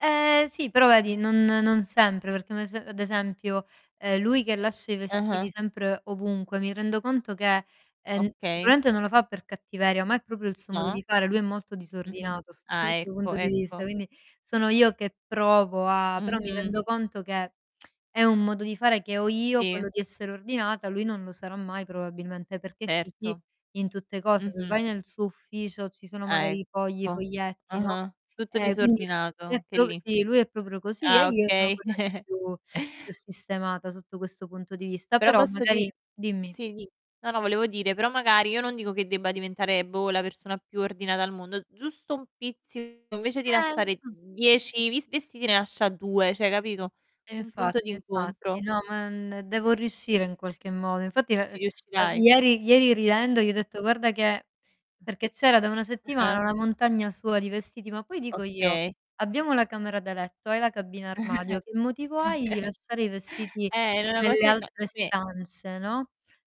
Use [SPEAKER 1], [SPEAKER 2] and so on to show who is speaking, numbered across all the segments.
[SPEAKER 1] Ehm, sì, però vedi non non sempre perché un ese ad esempio, ehm, lui che lascia i vestiti
[SPEAKER 2] Ah-ah.
[SPEAKER 1] sempre ovunque mi rendo conto che, ehm, n
[SPEAKER 2] Okay.
[SPEAKER 1] sicuramente non lo fa per cattiveria, ma è proprio il suo modo
[SPEAKER 2] Ma
[SPEAKER 1] di fare. Lui è molto
[SPEAKER 2] Mh-mh.
[SPEAKER 1] disordinato sotto
[SPEAKER 2] Ah,
[SPEAKER 1] questo
[SPEAKER 2] ecco,
[SPEAKER 1] punto di vista,
[SPEAKER 2] ecco.
[SPEAKER 1] quindi sono io che provo a però mi
[SPEAKER 2] Mh-mh.
[SPEAKER 1] rendo conto che è un modo di fare che ho io,
[SPEAKER 2] Sì.
[SPEAKER 1] quello di essere ordinata, lui non lo sarà mai probabilmente, perché è così
[SPEAKER 2] Certo.
[SPEAKER 1] in tutte cose. Se
[SPEAKER 2] Mh-mh.
[SPEAKER 1] vai nel suo ufficio ci sono
[SPEAKER 2] Ah,
[SPEAKER 1] magari fogli,
[SPEAKER 2] ecco.
[SPEAKER 1] foglietti, no,
[SPEAKER 2] Ah-ah, tutto
[SPEAKER 1] ehm, quindi
[SPEAKER 2] disordinato,
[SPEAKER 1] è
[SPEAKER 2] anche
[SPEAKER 1] pro
[SPEAKER 2] lì.
[SPEAKER 1] sì, lui è proprio così e
[SPEAKER 2] Ah,
[SPEAKER 1] io sono
[SPEAKER 2] okay.
[SPEAKER 1] quella che è più più sistemata sotto questo punto di vista.
[SPEAKER 2] Però
[SPEAKER 1] Però
[SPEAKER 2] posso di
[SPEAKER 1] magari dimmi.
[SPEAKER 2] sì dì. No, no, volevo dire, però magari io non dico che debba diventare boh la persona più ordinata al mondo, giusto un pizzico, invece di
[SPEAKER 1] Ehm,
[SPEAKER 2] lasciare
[SPEAKER 1] mh.
[SPEAKER 2] 10, di vestiti ne lascia 2, cioè capito?
[SPEAKER 1] E
[SPEAKER 2] Un punto
[SPEAKER 1] infatti, e infatti.
[SPEAKER 2] d'incontro.
[SPEAKER 1] No, ma, n devo riuscire in qualche modo. Infatti, l
[SPEAKER 2] Ci
[SPEAKER 1] ehm,
[SPEAKER 2] riuscirai.
[SPEAKER 1] ieri ieri ridendo gli ho
[SPEAKER 2] Mh.
[SPEAKER 1] detto: "Guarda che" Perché c'era da una
[SPEAKER 2] Mh.
[SPEAKER 1] settimana
[SPEAKER 2] Ah-ah.
[SPEAKER 1] una montagna sua di vestiti, ma poi dico io:
[SPEAKER 2] Okay.
[SPEAKER 1] "Abbiamo la camera da letto, hai la cabina armadio, che motivo hai di lasciare i vestiti
[SPEAKER 2] Eh, era una
[SPEAKER 1] nelle
[SPEAKER 2] cosa in
[SPEAKER 1] altre
[SPEAKER 2] come
[SPEAKER 1] stanze". No.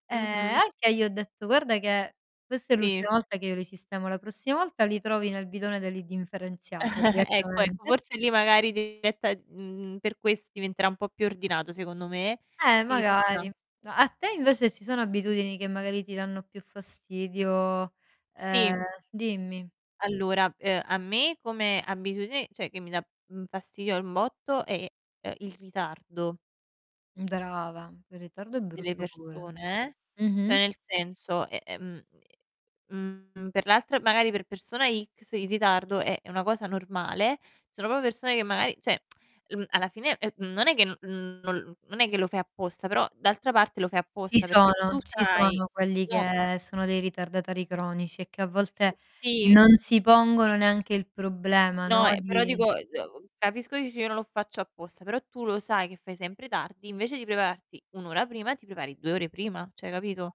[SPEAKER 1] Ehm, e
[SPEAKER 2] Mh-mh.
[SPEAKER 1] al che gli ho detto: "Guarda che questa è
[SPEAKER 2] Sì.
[SPEAKER 1] l'ultima volta che io li sistemo, la prossima volta li trovi nel bidone dell'indifferenziata
[SPEAKER 2] Ecco, ecco,
[SPEAKER 1] direttamente".
[SPEAKER 2] forse lì magari [unintelligible] mhmm per questo diventerà un po' più ordinato secondo me.
[SPEAKER 1] Ehm
[SPEAKER 2] Sì, ci sta.
[SPEAKER 1] magari. A a te invece ci sono abitudini che magari ti danno più fastidio?
[SPEAKER 2] Sì.
[SPEAKER 1] Ehm, dimmi.
[SPEAKER 2] Allora ehm, a me come abitudine, cioè che mi dà fastidio un botto è, ehm, il ritardo
[SPEAKER 1] Brava, il ritardo è
[SPEAKER 2] delle
[SPEAKER 1] brutto pure.
[SPEAKER 2] persone eh. Cioè
[SPEAKER 1] Mh-mh.
[SPEAKER 2] nel senso, eh, ehm mhmm, per l'altra magari per persona X il ritardo è, è una cosa normale, ci sono proprio persone che magari, cioè, l mhmm, alla fine, ehm, mhmm, non è che, mhmm, non l non è che lo fai apposta, però d'altra parte lo fai
[SPEAKER 1] Ci
[SPEAKER 2] apposta perché tu
[SPEAKER 1] sono ci
[SPEAKER 2] sai,
[SPEAKER 1] sono quelli
[SPEAKER 2] no.
[SPEAKER 1] che sono dei ritardatari cronici e che a volte
[SPEAKER 2] Sì.
[SPEAKER 1] non si pongono neanche il problema, no,
[SPEAKER 2] No, ehm, però
[SPEAKER 1] di
[SPEAKER 2] dico, ehm, capisco che dici: "Io non lo faccio apposta", però tu lo sai che fai sempre tardi, invece di prepararti 1 ora prima ti prepari 2 ore prima, cioè capito?